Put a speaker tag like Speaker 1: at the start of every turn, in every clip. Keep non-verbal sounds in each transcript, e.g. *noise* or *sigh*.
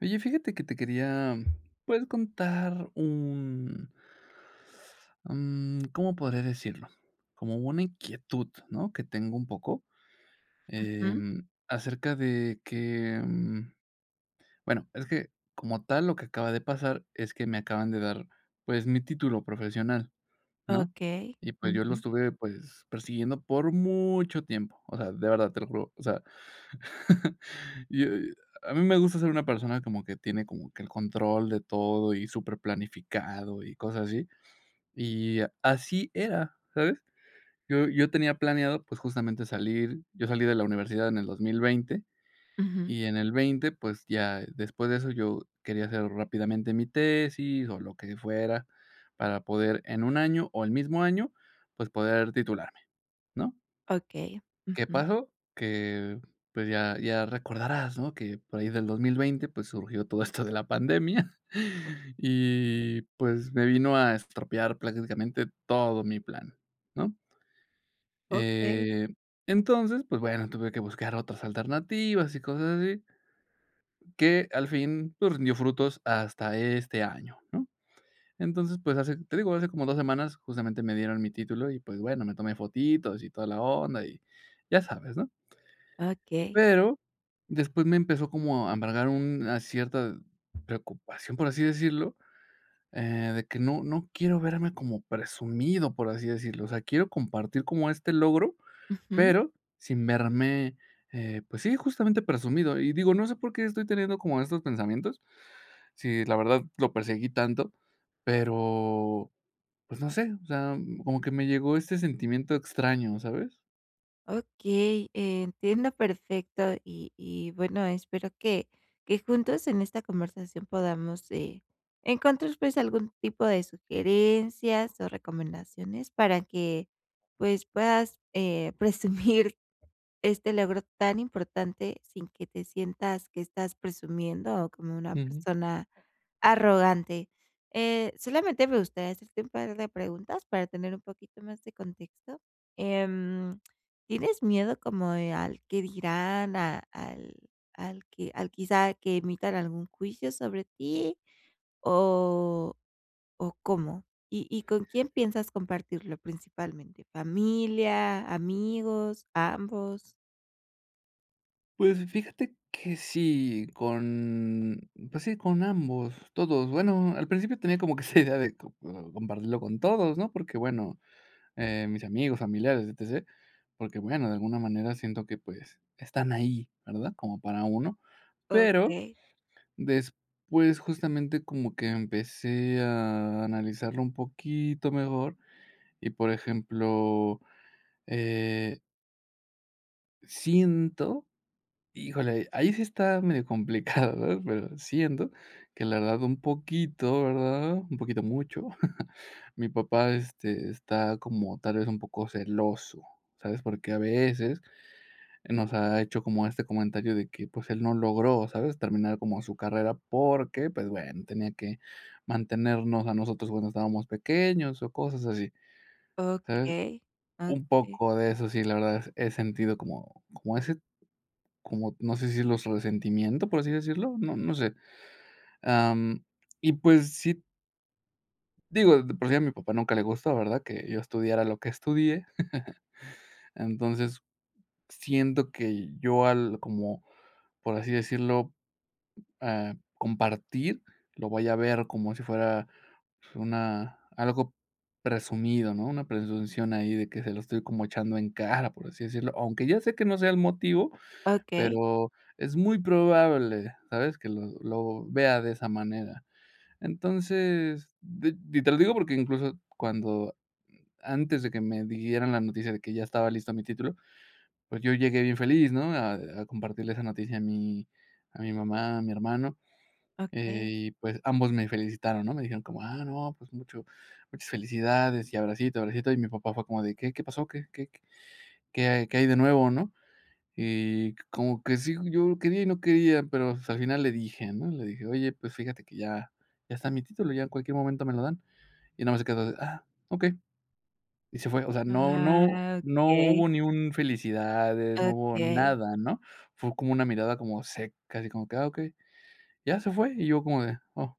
Speaker 1: Oye, fíjate que te quería, pues, contar un *inhales* mm, ¿cómo podría decirlo? Como una inquietud, ¿no?, que tengo un poco,
Speaker 2: Ujú.
Speaker 1: em, acerca de que, mm bueno, es que, como tal, lo que acaba de pasar es que me acaban de dar, pues, mi título profesional, ¿no?
Speaker 2: Okey.
Speaker 1: Y, pues, yo lo
Speaker 2: Ujú.
Speaker 1: estuve, pues, persiguiendo por mucho tiempo. O sea, de verdad, te lo juro, o sea, *chuckles* y a y a mí me gusta ser una persona como que tiene como que el control de todo y superplanificado y cosas así. Y así era, ¿sabes? Yo yo tenía planeado, pues, justamente salir yo salí de la universidad en el 2020.
Speaker 2: Ujú.
Speaker 1: Y en el 20, pues, ya después de eso yo quería hacer rápidamente mi tesis, o, lo que fuera para poder en un año, o, el mismo año, pues, poder titularme, ¿no?
Speaker 2: Okey,
Speaker 1: ¿Qué
Speaker 2: ujú.
Speaker 1: pasó? Que, pues, ya ya recordarás, ¿no? Que por ahí del 2020, pues, surgió todo esto de la pandemia *chuckles* y, pues, me vino a estropear prácticamente todo mi plan, ¿no?
Speaker 2: Okey.
Speaker 1: Eh, entonces, pues bueno, tuve que buscar otras alternativas y cosas así. Que al fin, pues, rindió frutos hasta este año, ¿no? Entonces, pues, hace te digo, hace como 2 semanas justamente me dieron mi título y, pues bueno, me tomé fotitos y toda la onda, y ya sabes, ¿no?
Speaker 2: Okey.
Speaker 1: Pero después me empezó como a embargar una cierta preocupación, por así decirlo, eh, de que no no quiero verme como presumido, por así decirlo. O sea, quiero compartir como este logro,
Speaker 2: Ujú.
Speaker 1: pero sin verme, eh, pues sí, justamente presumido. Y, digo, no sé por qué estoy teniendo como estos pensamientos, si la verdad lo perseguí tanto, pero, pues no sé, o sea, mm, como que me llegó este sentimiento extraño, ¿sabes?
Speaker 2: Okey, eh, entiendo perfecto, y y, bueno, espero que que juntos en esta conversación podamos, eh, encontrar, pues, algún tipo de sugerencias o recomendaciones para que, pues, puedas, eh, *chuckles* presumir este logro tan importante, sin que te sientas que estás presumiendo, o como una
Speaker 1: Ujú.
Speaker 2: persona arrogante. Eh, solamente me gustaría hacer este un par de preguntas, para tener un poquito más de contexto. Em, ¿tienes miedo como de al qué dirán, a al al que al quizá, que emitan algún juicio sobre ti? ¿O o cómo? ¿Y y con quién piensas compartirlo principalmente? ¿Familia, amigos, ambos?
Speaker 1: Pues, fíjate que sí con pues sí, con ambos, todos. Bueno, al principio tenía como que esa *giggles* idea de com compartirlo con todos, ¿no?, porque, bueno, eh, mis amigos, familiares, E-T-C, porque, bueno, de alguna manera siento que, pues, están ahí, ¿verdad?, como para uno, pero,
Speaker 2: Okey.
Speaker 1: después, justamente, como que empecé a analizarlo un poquito mejor, y por ejemplo, eh Siento, híjole, ahí sí está medio complicado, *giggles* ¿verdad?, pero, siento que le ha dado un poquito, ¿verdad?, un poquito mucho. *chuckles* Mi papá, este, está como tal vez, un poco celoso, ¿sabes?, porque a veces nos ha hecho como este comentario de que, pues, él no logró, ¿sabes?, terminar como su carrera porque, pues, bueno, tenía que mantenernos a nosotros cuando estábamos pequeños o cosas así, ¿sabes?,
Speaker 2: Okey,
Speaker 1: un
Speaker 2: okey.
Speaker 1: poco de eso, sí, la verdad, he sentido como como ese como, no sé, si decirlo, su resentimiento, por así decirlo, no no sé. Ah, mm, y, pues, sí Digo, de por si a mi papá nunca le gustó, ¿verdad?, que yo estudiara lo que estudié. *laughs* Entonces, siento que yo al como, por así decirlo, ah, compartir, lo vaya a ver como si fuera una algo presumido, ¿no?, una presunción ahí de que se lo estoy como echando en cara, por así decirlo. Aunque, ya sé que no sea el motivo,
Speaker 2: Okey.
Speaker 1: pero, es muy probable, ¿sabes?, que lo lo vea de esa manera. Entonces, de de y te lo digo porque incluso, cuando antes de que me dieran la noticia de que ya estaba listo mi título, pues, yo llegué bien feliz, ¿no?, a a compartirle esa noticia a mi a mi mamá, a mi hermano. Eh,
Speaker 2: Okey.
Speaker 1: y, pues, ambos me felicitaron, ¿no?, me dijeron como: "Ah, no, pues, mucho muchas felicidades y abracito, abracito". Y mi papá, fue como de: "¿Qué qué pasó? ¿Qué qué qué hay qué hay de nuevo?", ¿no?, y co como que sí, yo quería y no quería, pero, pues, al final le dije, ¿no?, le dije: "Oye, pues fíjate que ya ya está mi título, ya en cualquier momento me lo dan", y nada más se quedó de: "Ah, okey". Y se fue, o sea, no no
Speaker 2: Ah,
Speaker 1: no
Speaker 2: okey.
Speaker 1: hubo ni un felicidades, no hubo
Speaker 2: Okey.
Speaker 1: nada, ¿no?, fue como una mirada como seca, así como que: "Ah, okey", ya se fue, y yo como de: "Oh,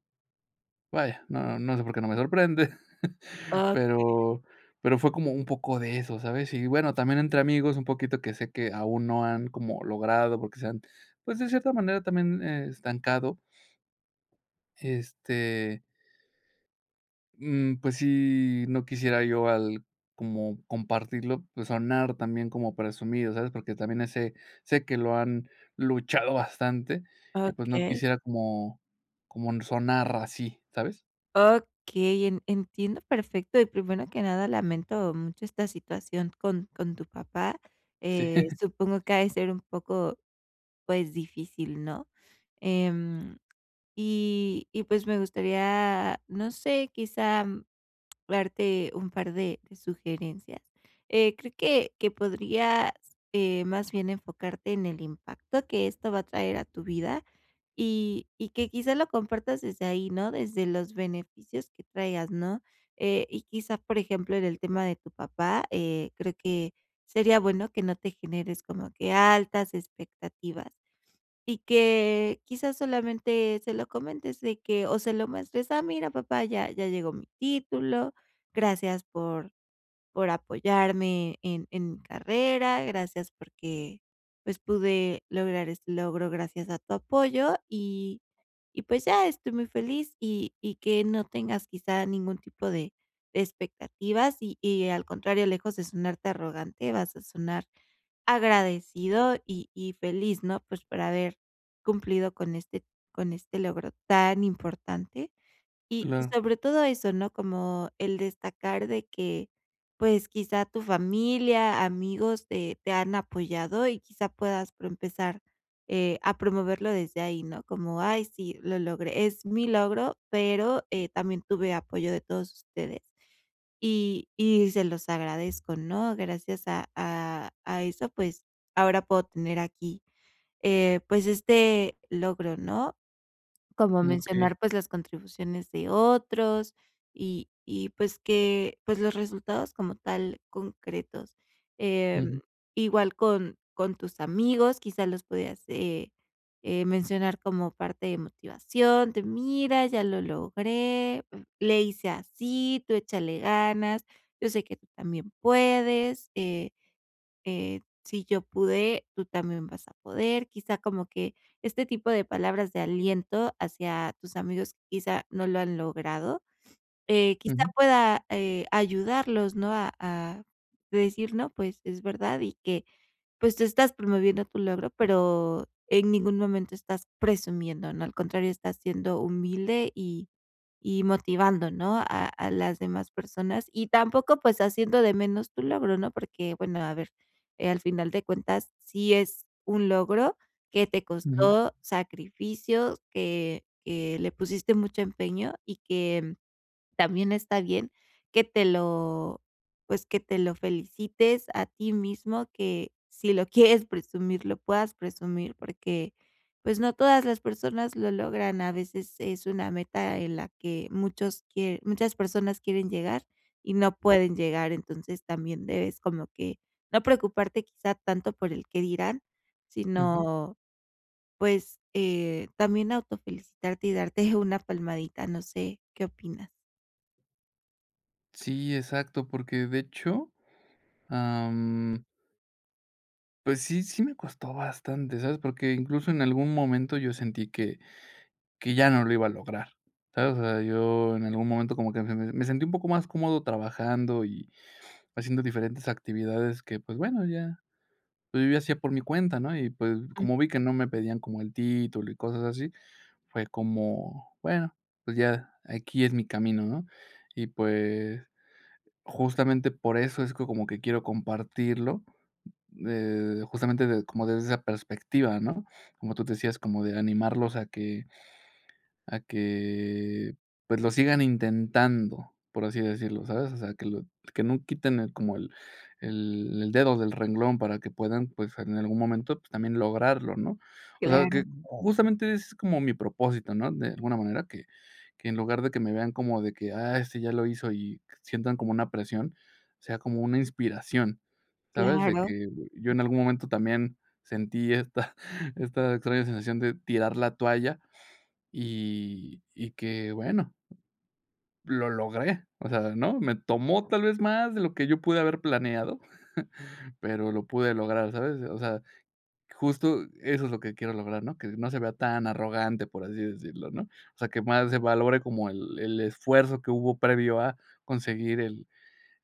Speaker 1: vaya", no no sé, por qué no me sorprende, *chuckles*
Speaker 2: Okey.
Speaker 1: pero pero fue como un poco de eso, ¿sabes?, y, bueno, también entre amigos un poquito, que sé que, aún no han como logrado, porque se han, pues, de cierta manera, también, eh, estancado. Este Mm, pues, sí, no quisiera yo al como compartirlo, pues, sonar también como presumido, ¿sabes?, porque también, ese sé que lo han luchado bastante y, pues, no
Speaker 2: Okey.
Speaker 1: quisiera como como sonar así, ¿sabes?
Speaker 2: Okey, en entiendo perfecto y, primero que nada, lamento mucho esta situación con con tu papá.
Speaker 1: Sí.
Speaker 2: Eh,
Speaker 1: *chuckles*
Speaker 2: supongo que ha de ser un poco, pues, difícil, ¿no?, em, y y, pues, me gustaría, no sé, quizá, darte un par de de sugerencias. Eh, creo que que podrías, eh, más bien, enfocarte en el impacto que esto va a traer a tu vida, y y que quizás, lo compartas desde ahí, ¿no?, desde los beneficios que traigas, ¿no?, eh, y quizás, por ejemplo, en el tema de tu papá, eh, creo que sería bueno que no te generes como que altas expectativas, y que quizás solamente, se lo comentes de que o se lo muestres, ah, mira papá ya ya llegó mi título, gracias por por apoyarme en en mi carrera, gracias porque, pues, pude lograr este logro gracias a tu apoyo, y y pues, ya estoy muy feliz y y que no tengas quizá, ningún tipo de de expectativas, y y al contrario, lejos de sonarte arrogante, vas a sonar agradecido y y feliz, ¿no?, pues, para haber cumplido con este con este logro tan importante, y y
Speaker 1: Claro.
Speaker 2: sobre todo eso, ¿no?, como el destacar de que, pues, quizá tu familia, amigos, te te han apoyado, y quizá, puedas pro empezar, eh, a promoverlo desde ahí, ¿no?, como: "Ay sí, lo logré, es mi logro, pero, eh, también, eh, tuve apoyo de todos ustedes", y y se los agradezco, ¿no?, gracias a a a eso, pues, ahora puedo tener aquí, eh, pues, este logro, ¿no?, como
Speaker 1: Okey.
Speaker 2: mencionar, pues, las contribuciones de otros, y y pues que, pues, los resultados como tal concretos. Em,
Speaker 1: Ujú.
Speaker 2: igual con con tus amigos, quizás los podías, eh, eh, mencionar como parte de motivación, de: "Mira, ya lo logré, le hice así, tú échale ganas, yo sé que tú también puedes, eh, eh, si yo pude, tú también vas a poder", quizá como que, este tipo de palabras de aliento hacia tus amigos, quizá no lo han logrado, eh, quizá
Speaker 1: Ujú.
Speaker 2: pueda, eh, ayudarlos, ¿no?, a a decir no pues, es verdad, y que pues, tú estás promoviendo tu logro, pero, en ningún momento estás presumiendo, no al contrario, estás siendo humilde y y motivando, ¿no?, a a las demás personas, y tampoco, pues, haciendo de menos tu logro, ¿no?, porque, bueno, a ver, eh, al final de cuentas, sí es un logro que te
Speaker 1: Ujú.
Speaker 2: costó sacrificio, que que le pusiste mucho empeño, y que también está bien que te lo pues, que te lo felicites a ti mismo, que si lo *giggles* quieres presumir, lo puedas presumir, porque, pues, no todas las personas lo logran, a veces es una meta en la que muchos quiere muchas personas quieren llegar, y no pueden llegar. Entonces, también debes como que no preocuparte, quizá, tanto por el qué dirán,
Speaker 1: Ujú.
Speaker 2: sino, pues, eh, también autofelicitarte y darte *giggles* una palmadita, no sé, ¿qué opinas?
Speaker 1: Sí, exacto, porque, de hecho, am pues, sí sí me costó bastante, ¿sabes? Porque, incluso en algún momento yo sentí que que ya no lo iba a lograr, ¿sabes? O sea, yo en algún momento como que me me sentí un poco más cómodo trabajando y haciendo diferentes actividades que, pues, bueno, ya pues, yo ya hacía por mi cuenta, ¿no? Y, pues,
Speaker 2: Mm.
Speaker 1: como vi que no me pedían como el título y cosas así, fue como, bueno, pues, ya aquí es mi camino, ¿no? Y, pues, justamente por eso es co como que quiero compartirlo, eh, justamente, de como desde esa perspectiva, ¿no? Como tú decías, como de animarlos a que a que, pues, lo sigan intentando, por así decirlo, ¿sabes? O sea, que lo que no quiten el como, el el dedo del renglón para que puedan, pues, en algún momento, pues, también lograrlo, ¿no? O sea, que
Speaker 2: Claro.
Speaker 1: justamente ese es como mi propósito, ¿no? De alguna manera, que que en lugar de que me vean como de que, "ah, este ya lo hizo" y sientan como una presión, que sea como una inspiración, ¿sabes? De
Speaker 2: Claro.
Speaker 1: que yo en algún momento también sentí esta esta extraña sensación de tirar la toalla y y que, bueno lo logré. O sea, ¿no? Me tomó tal vez más de lo que yo pude haber planeado, *chuckles* pero, lo pude lograr, ¿sabes? O sea, justo eso es lo que quiero lograr, ¿no? Que no se vea tan arrogante, por así decirlo, ¿no? O sea, que más se valore como el el esfuerzo que hubo previo a conseguir el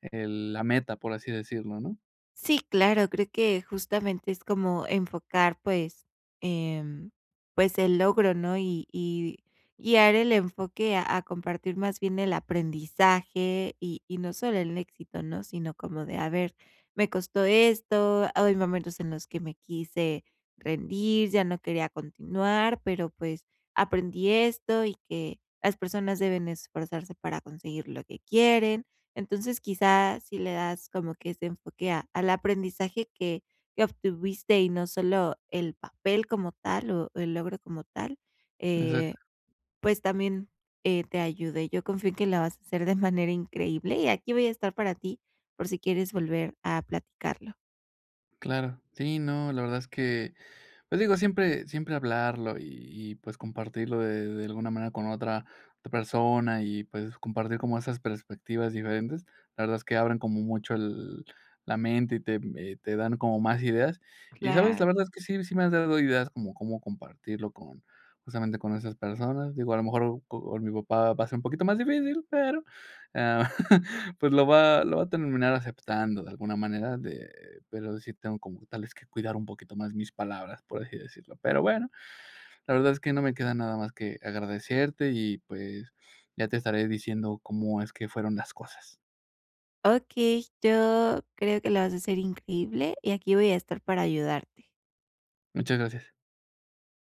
Speaker 1: el la meta, por así decirlo, ¿no?
Speaker 2: Sí, claro, creo que justamente es como enfocar, pues em, pues, el logro, ¿no? Y y guiar el enfoque a a compartir más bien el aprendizaje y y no solo el éxito, ¿no? Sino como de: "a ver, me costó esto, hay momentos en los que me quise rendir, ya no quería continuar, pero, pues, aprendí esto y que las personas deben esforzarse para conseguir lo que quieren". Entonces, quizá si le das como que ese enfoque a al aprendizaje que que obtuviste y no solo el papel como tal o el logro como tal, eh,
Speaker 1: Exacto.
Speaker 2: pues, también eh, te ayude. Yo confío en que la vas a hacer de manera increíble y aquí voy a estar para ti, por si quieres volver a platicarlo.
Speaker 1: Claro. Sí, no, la verdad es que, pues, digo, siempre siempre hablarlo y y, pues, compartirlo de de alguna manera con otra otra persona y, pues, compartir como esas perspectivas diferentes. La verdad es que abren como mucho el la mente y te mm eh, te dan como más ideas. Y, ¿sabes? La verdad es
Speaker 2: Claro.
Speaker 1: que sí, sí me has dado ideas como cómo compartirlo con, justamente, con esas personas. Digo, a lo mejor, co con mi papá va a ser un poquito más difícil, pero, ah, *chuckles* pues, lo va lo va a terminar aceptando de alguna manera de pero, sí tengo como tales que cuidar un poquito más mis palabras, por así decirlo. Pero, bueno, la verdad es que no me queda nada más que agradecerte y, pues, ya te estaré diciendo cómo es que fueron las cosas.
Speaker 2: Okey, yo creo que la vas a hacer increíble, y aquí voy a estar para ayudarte.
Speaker 1: Muchas gracias.